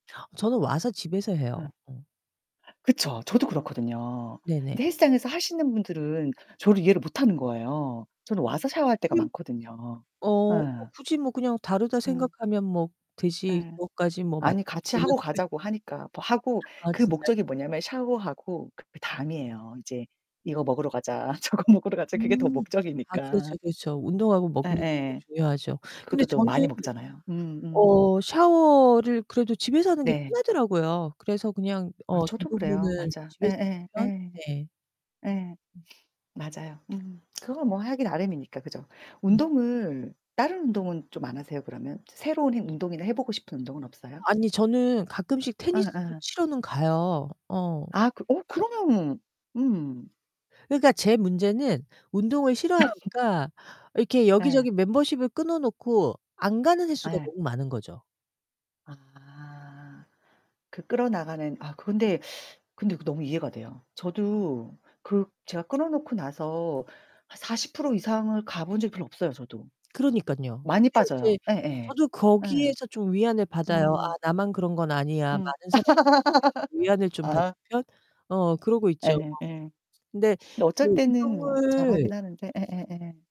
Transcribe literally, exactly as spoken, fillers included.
저는 와서 집에서 어. 해요. 음. 그쵸. 저도 그렇거든요. 네네. 근데 헬스장에서 하시는 분들은 저를 이해를 못 하는 거예요. 저는 와서 샤워할 때가 으음. 많거든요. 어 예. 굳이 뭐 그냥 '다르다.' 음. 생각하면 뭐 되지 예. 그것까지 뭐 아니 같이 맞추는 하고 가자고 하니까. 뭐 하고 아 그 진짜요? 목적이 뭐냐면 샤워하고 그 다음이에요. "이제 이거 먹으러 가자. 저거 먹으러 가자." 그게 더 음. 아 목적이니까. 그렇죠. 그렇죠. 운동하고 먹는 것도 예예. 중요하죠. 근데 그것도 또 저는 많이 먹잖아요. 음음. 어샤워를 그래도 집에서 하는 게 네. 편하더라고요. 그래서 그냥 아 어 저도 그래요. 대부분은 맞아. 집에서 예예. 예. 네. 예. 음. 맞아요. 음 그건 뭐 하기 나름이니까 그죠. 음. 운동을 다른 운동은 좀 안 하세요 그러면? 새로운 해 운동이나 해 보고 싶은 운동은 없어요? 아니 저는 가끔씩 테니스도 어어. 치러는 가요. 어. 아 그 어 그러면 음. 그러니까 제 문제는 운동을 싫어하니까 이렇게 예. 여기저기 멤버쉽을 끊어놓고 안 가는 횟수가 예. 너무 많은 거죠. 아. 그 끌어나가는 아 근데 근데 그거 너무 이해가 돼요. 저도 그 제가 끊어 놓고 나서 한 사십 프로 이상을 가 본 적이 별로 없어요 저도. 그러니깐요. 많이 근데 빠져요. 이제 예예. 저도 예. 거기에서 좀 위안을 받아요. 음. '아 나만 그런 건 응. 아니야.' 많은 사람들이 [unintelligible] 위안을 좀 받는 아. 편? 어 그러고 있죠. 예예. 어. 근데 근데 어쩔 그 때는 뭐 잘하긴 운동을 하는데. 예예예.